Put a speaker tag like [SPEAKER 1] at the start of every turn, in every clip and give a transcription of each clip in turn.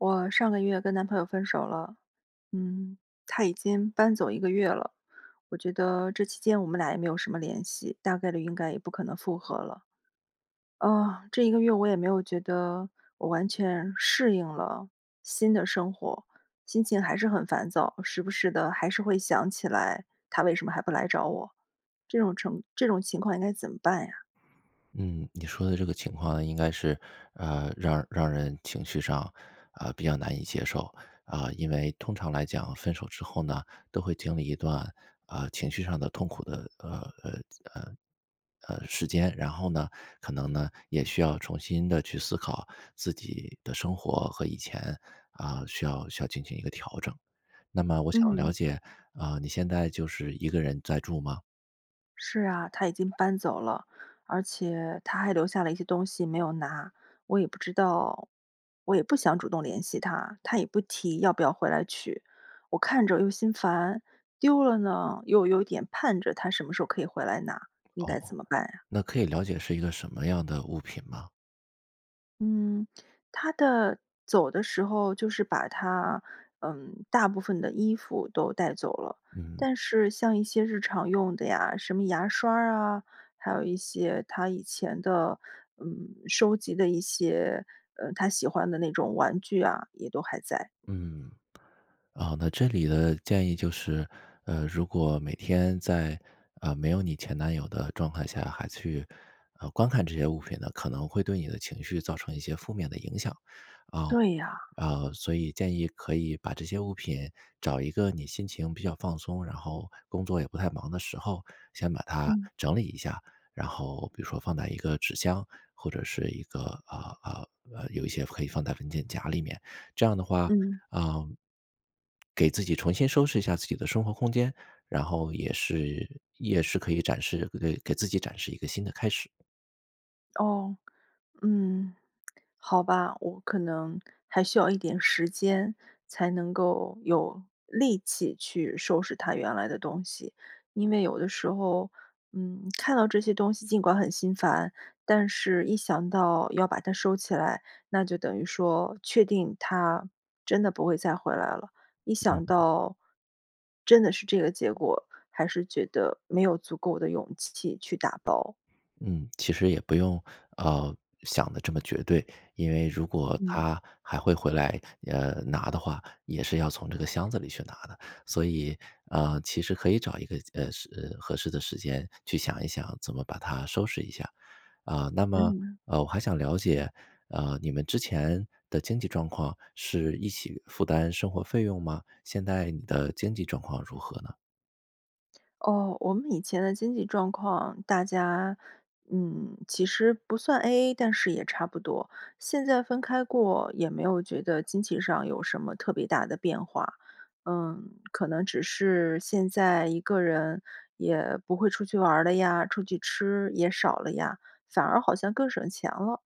[SPEAKER 1] 我上个月跟男朋友分手了，嗯，他已经搬走1个月了，我觉得这期间我们俩也没有什么联系，大概率应该也不可能复合了。啊，这一个月我也没有觉得我完全适应了新的生活，心情还是很烦躁，时不时地还是会想起来他为什么还不来找我，这种程这种情况应该怎么办呀？
[SPEAKER 2] 嗯，你说的这个情况应该是，呃，让让人情绪上，呃，比较难以接受。呃，因为通常来讲，分手之后呢，都会经历一段，啊，情绪上的痛苦的，呃呃呃，呃，时间。然后呢，可能呢，也需要重新地去思考自己的生活和以前啊，需要需要进行一个调整，那么我想
[SPEAKER 1] 嗯。
[SPEAKER 2] 了解，啊，你现在就是一个人在住吗？
[SPEAKER 1] 是啊，他已经搬走了。而且他还留下了一些东西没有拿，我也不知道我也不想主动联系他，他也不提要不要回来取。我看着又心烦，丢了呢，又有点盼着他什么时候可以回来拿，应
[SPEAKER 2] 哦，
[SPEAKER 1] 该怎么办呀？
[SPEAKER 2] 那可以了解是一个什么样的物品吗？
[SPEAKER 1] 嗯，他的走的时候，就是把他，嗯，大部分的衣服都带走了。
[SPEAKER 2] 嗯。
[SPEAKER 1] 但是像一些日常用的呀，什么牙刷儿啊，还有一些他以前的，嗯，收集的一些，呃，他喜欢的那种玩具啊，也都还在。
[SPEAKER 2] 嗯。啊，那这里的建议就是，呃，如果每天在，啊，没有你前男友的状态下还去，呃，观看这些物品呢，可能会对你的情绪造成一些负面的影响，啊。
[SPEAKER 1] 对呀。
[SPEAKER 2] 啊，所以建议可以把这些物品，找一个你心情比较放松，然后工作也不太忙的时候，先把它
[SPEAKER 1] 嗯。
[SPEAKER 2] 整理一下，然后，比如说放在一个纸箱或者是一个啊，啊，呃，有一些可以放在文件夹里面。这样的话，
[SPEAKER 1] 嗯。
[SPEAKER 2] 啊给自己重新收拾一下自己的生活空间，然后也是也是可以展示给给自己展示一个新的开始。
[SPEAKER 1] 哦，嗯。好吧，我可能还需要一点时间，才能够有力气去收拾他原来的东西。因为有的时候，嗯，看到这些东西尽管很心烦，但是一想到要把它收起来，那就等于说确定他真的不会再回来了。一
[SPEAKER 2] 嗯。
[SPEAKER 1] 想到真的是这个结果，还是觉得没有足够的勇气去打包。
[SPEAKER 2] 嗯，其实也不用，呃，想得这么绝对，因为如果
[SPEAKER 1] 嗯。
[SPEAKER 2] 他还会回来，呃，拿的话，也是要从这个箱子里去拿的。所以，啊，其实可以找一个，呃，适呃，合适的时间去想一想怎么把它收拾一下。啊，那么，
[SPEAKER 1] 嗯。
[SPEAKER 2] 呃，我还想了解，啊，你们之前的经济状况是一起负担生活费用吗？现在你的经济状况如何呢？
[SPEAKER 1] 哦，我们以前的经济状况，大家，嗯，其实不算 AA，但是也差不多。现在分开过，也没有觉得经济上有什么特别大的变化。嗯，可能只是现在一个人也不会出去玩了呀，出去吃也少了呀，反而好像更省钱了。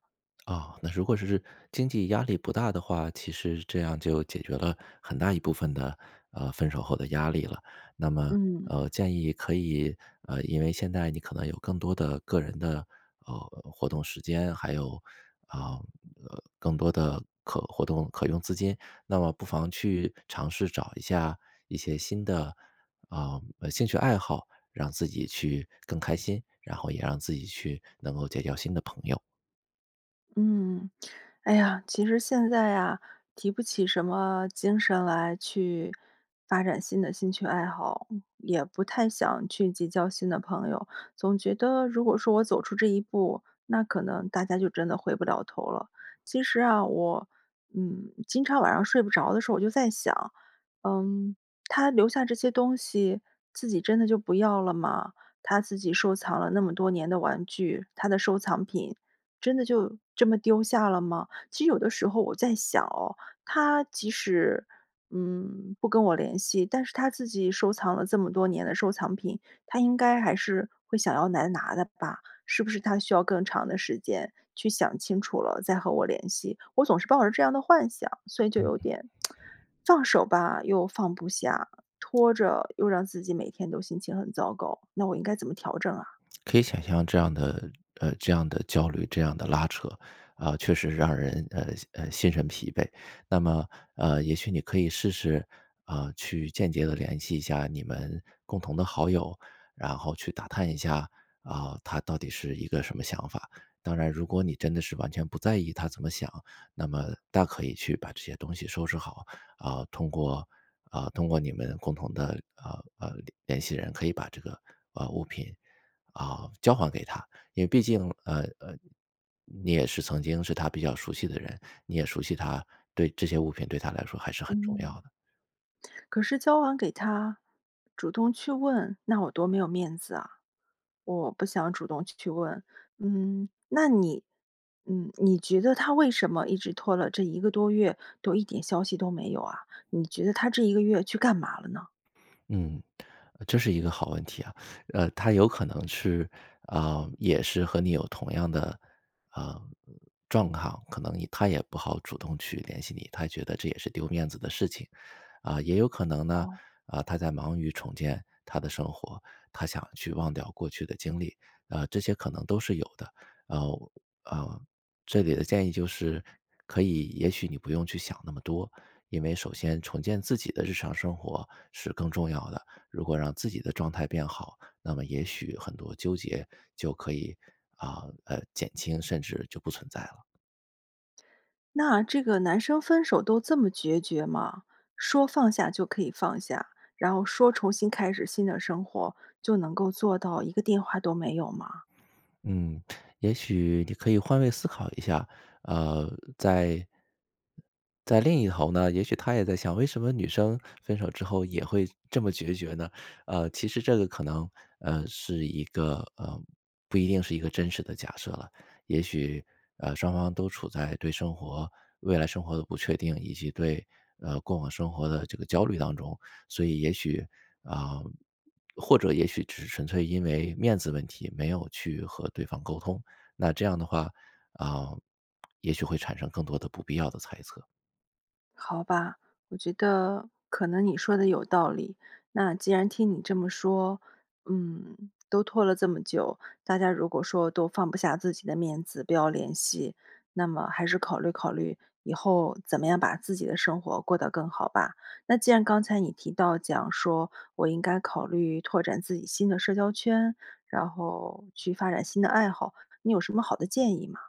[SPEAKER 2] 啊，那如果是经济压力不大的话，其实这样就解决了很大一部分的，呃，分手后的压力了。那么，
[SPEAKER 1] 嗯。
[SPEAKER 2] 呃，建议可以，呃，因为现在你可能有更多的个人的，呃，活动时间，还有，啊，呃，更多的可活动可用资金，那么不妨去尝试找一下，一些新的，啊，兴趣爱好，让自己去更开心，然后也让自己去能够结交新的朋友。
[SPEAKER 1] 嗯，哎呀，其实现在呀，提不起什么精神来，去，发展新的兴趣爱好，也不太想去结交新的朋友。总觉得如果说我走出这一步，那可能大家就真的回不了头了。其实啊，我，嗯，经常晚上睡不着的时候，我就在想，嗯，他留下这些东西，自己真的就不要了吗？他自己收藏了那么多年的玩具，他的收藏品，真的就，这么丢下了吗？其实有的时候我在想哦，他即使，嗯，不跟我联系，但是他自己收藏了这么多年的收藏品，他应该还是，会想要来拿的吧，是不是他需要更长的时间去想清楚了，再和我联系。我总是抱着这样的幻想，所以就
[SPEAKER 2] 嗯
[SPEAKER 1] 有
[SPEAKER 2] 嗯。
[SPEAKER 1] 点，放手吧，又放不下，拖着又让自己每天都心情很糟糕，那我应该怎么调整啊？
[SPEAKER 2] 可以想象这样的，呃，这样的焦虑、这样的拉扯，啊，确实让人，呃呃，心神疲惫。那么，呃，也许你可以试试，啊，去间接地联系一下你们共同的好友，然后去打探一下，啊，他到底是一个什么想法。当然如果你真的是完全不在意他怎么想，那么大可以去把这些东西收拾好，啊，通过啊，通过你们共同的，啊，呃，联系人可以把这个，呃，物品，啊，交还给他。因为毕竟，呃呃，你也是曾经是他比较熟悉的人，你也熟悉他，对这些物品对他来说还是很重要
[SPEAKER 1] 嗯。
[SPEAKER 2] 的。
[SPEAKER 1] 可是交还给他，主动去问，那我多没有面子啊？我，不想主动去问。嗯，那你嗯，你觉得他为什么一直拖了这一个多月都一点消息都没有啊？你觉得他这一个月去干嘛了呢？
[SPEAKER 2] 嗯，这是一个好问题啊。呃，他有可能是，啊，也是和你有同样的，啊，状况。可能他也不好主动去联系你，他觉得这也是丢面子的事情。啊，也有可能呢，
[SPEAKER 1] 哦。
[SPEAKER 2] 啊，他在忙于重建他的生活，他想去忘掉过去的经历，啊，这些可能都是有的。然后，呃，这里的建议就是，可以，也许你不用去想那么多，因为首先重建自己的日常生活是更重要的，如果让自己的状态变好，那么也许很多纠结就可以，啊，呃，减轻甚至就不存在了。
[SPEAKER 1] 那这个男生分手都这么决绝吗？说放下就可以放下，然后说重新开始新的生活，就能够做到一个电话都没有吗？
[SPEAKER 2] 嗯，也许你可以换位思考一下，呃，在在另一头呢，也许他也在想为什么女生分手之后也会这么决绝呢？呃，其实这个可能呃，是一个呃，不一定是一个真实的假设了。也许，呃，双方都处在对生活未来生活的不确定，以及对，呃，过往生活的这个焦虑当中。所以也许啊，或者也许只是纯粹因为面子问题没有去和对方沟通，那这样的话，啊，也许会产生更多的不必要的猜测。
[SPEAKER 1] 好吧，我觉得可能你说的有道理，那既然听你这么说，嗯，都拖了这么久，大家如果说都放不下自己的面子，不要联系，那么还是考虑考虑以后怎么样把自己的生活过得更好吧。那既然刚才你提到讲说，我应该考虑拓展自己新的社交圈，然后去发展新的爱好，你有什么好的建议吗？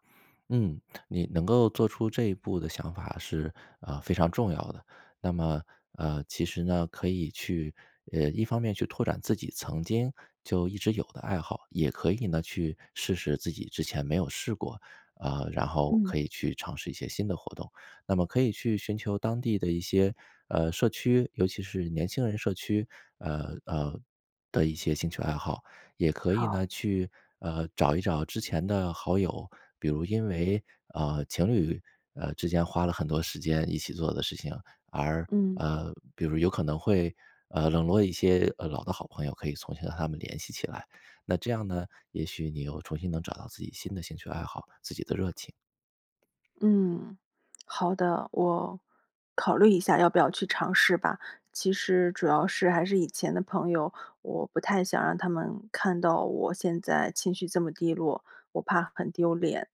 [SPEAKER 2] 嗯，你能够做出这一步的想法是，啊，非常重要的。那么，呃，其实呢，可以去呃，一方面去拓展自己曾经就一直有的爱好，也可以呢，去试试自己之前没有试过啊，然后
[SPEAKER 1] 嗯。
[SPEAKER 2] 可以去尝试一些新的活动。那么可以去寻求当地的一些，呃，社区，尤其是年轻人社区，呃，呃，的一些兴趣爱好，也可以
[SPEAKER 1] 好。
[SPEAKER 2] 呢，去，呃，找一找之前的好友。比如因为，啊，情侣，啊，之间花了很多时间一起做的事情，而
[SPEAKER 1] 嗯。
[SPEAKER 2] 呃，比如有可能会，呃，冷落一些，呃，老的好朋友，可以重新和他们联系起来。那这样呢，也许你又重新能找到自己新的兴趣爱好，自己的热情。
[SPEAKER 1] 嗯，好的，我考虑一下要不要去尝试吧。其实主要是还是以前的朋友，我不太想让他们看到我现在情绪这么低落，我怕很丢脸。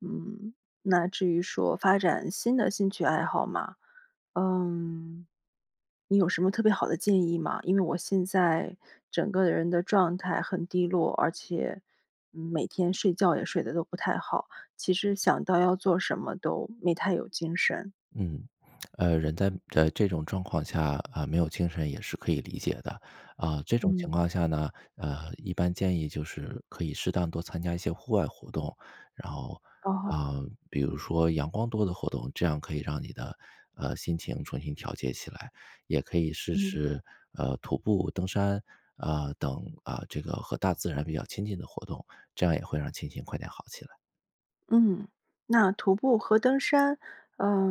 [SPEAKER 1] 嗯，那至于说发展新的兴趣爱好嘛。嗯，你有什么特别好的建议吗？因为我现在整个人的状态很低落，而且每天睡觉也睡得都不太好，其实想到要做什么都没太有精神。
[SPEAKER 2] 嗯，呃，人在呃，这种状况下，啊，没有精神也是可以理解的。啊，这种情
[SPEAKER 1] 嗯。
[SPEAKER 2] 况下呢，呃，一般建议就是可以适当多参加一些户外活动。然后，
[SPEAKER 1] 哦。
[SPEAKER 2] 啊，比如说阳光多的活动，这样可以让你的，呃，心情重新调节起来，也可以试
[SPEAKER 1] 嗯。
[SPEAKER 2] 试，呃，徒步、登山，啊，等，啊，这个和大自然比较亲近的活动，这样也会让心情快点好起来。
[SPEAKER 1] 嗯，那徒步和登山，呃，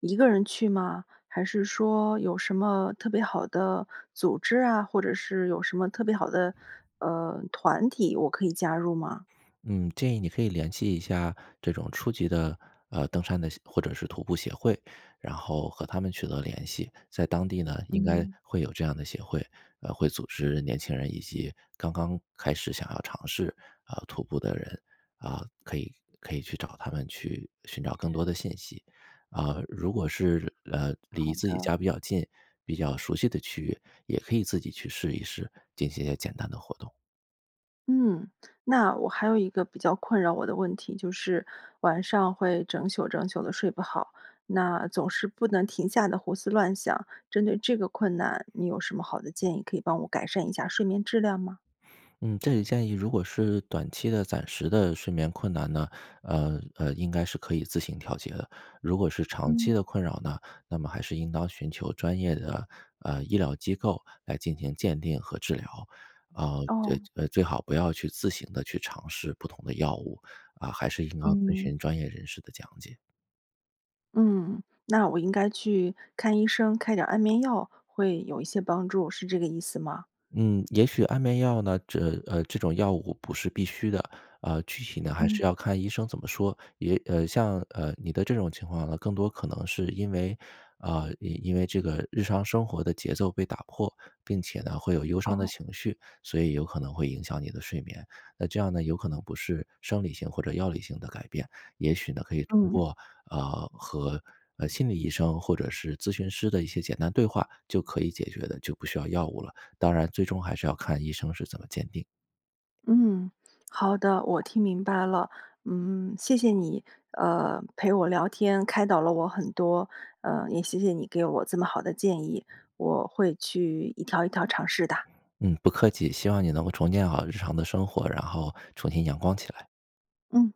[SPEAKER 1] 一个人去吗？还是说有什么特别好的组织啊，或者是有什么特别好的，呃，团体，我可以加入吗？
[SPEAKER 2] 嗯，建议你可以联系一下，这种初级的，呃，登山的协或者是徒步协会，然后和他们取得联系。在当地呢，应该
[SPEAKER 1] 嗯。
[SPEAKER 2] 会有这样的协会，啊，会组织年轻人以及刚刚开始想要尝试，呃，徒步的人。啊，可以可以去找他们去寻找更多的信息。啊，如果是，呃，
[SPEAKER 1] 好
[SPEAKER 2] 离自己
[SPEAKER 1] 的。
[SPEAKER 2] 家比较近，比较熟悉的区域，也可以自己去试一试，进行一些简单的活动。
[SPEAKER 1] 嗯，那我还有一个比较困扰我的问题，就是，晚上会整宿整宿地睡不好，那总是不能停下地胡思乱想。针对这个困难，你有什么好的建议可以帮我改善一下睡眠质量吗？
[SPEAKER 2] 嗯，这里建议如果是短期的、暂时的睡眠困难呢，呃呃，应该是可以自行调节的。如果是长期
[SPEAKER 1] 嗯。
[SPEAKER 2] 的困扰呢，那么还是应当寻求专业的，呃，医疗机构，来进行鉴定和治疗。啊，呃
[SPEAKER 1] 哦。
[SPEAKER 2] 呃，最好不要去自行地去尝试不同的药物。啊，还是应当遵
[SPEAKER 1] 嗯。
[SPEAKER 2] 循专业人士的讲解。
[SPEAKER 1] 嗯，那我应该去看医生开点儿安眠药，会有一些帮助，是这个意思吗？
[SPEAKER 2] 嗯，也许安眠药呢，这，呃，这种药物不是必须的，啊，具体呢还
[SPEAKER 1] 嗯。
[SPEAKER 2] 是要看医生怎么说。也，呃，像，呃，你的这种情况呢，更多可能是因为啊，因因为这个日常生活的节奏被打破，并且呢会有忧伤的
[SPEAKER 1] 哦。
[SPEAKER 2] 情绪，所以有可能会影响你的睡眠。那这样呢，有可能不是生理性或者药理性的改变，也许呢可以通
[SPEAKER 1] 嗯。
[SPEAKER 2] 过，啊，和，呃，心理医生或者是咨询师的一些简单对话就可以解决的，就不需要药物了，当然最终还是要看医生是怎么鉴定。
[SPEAKER 1] 嗯，好的，我听明白了。嗯，谢谢你，呃，陪我聊天，开导了我很多。呃，也谢谢你给我这么好的建议，我会去一条一条尝试哒。
[SPEAKER 2] 嗯，不客气，希望你能够重建好日常的生活，然后重新阳光起来。
[SPEAKER 1] 嗯。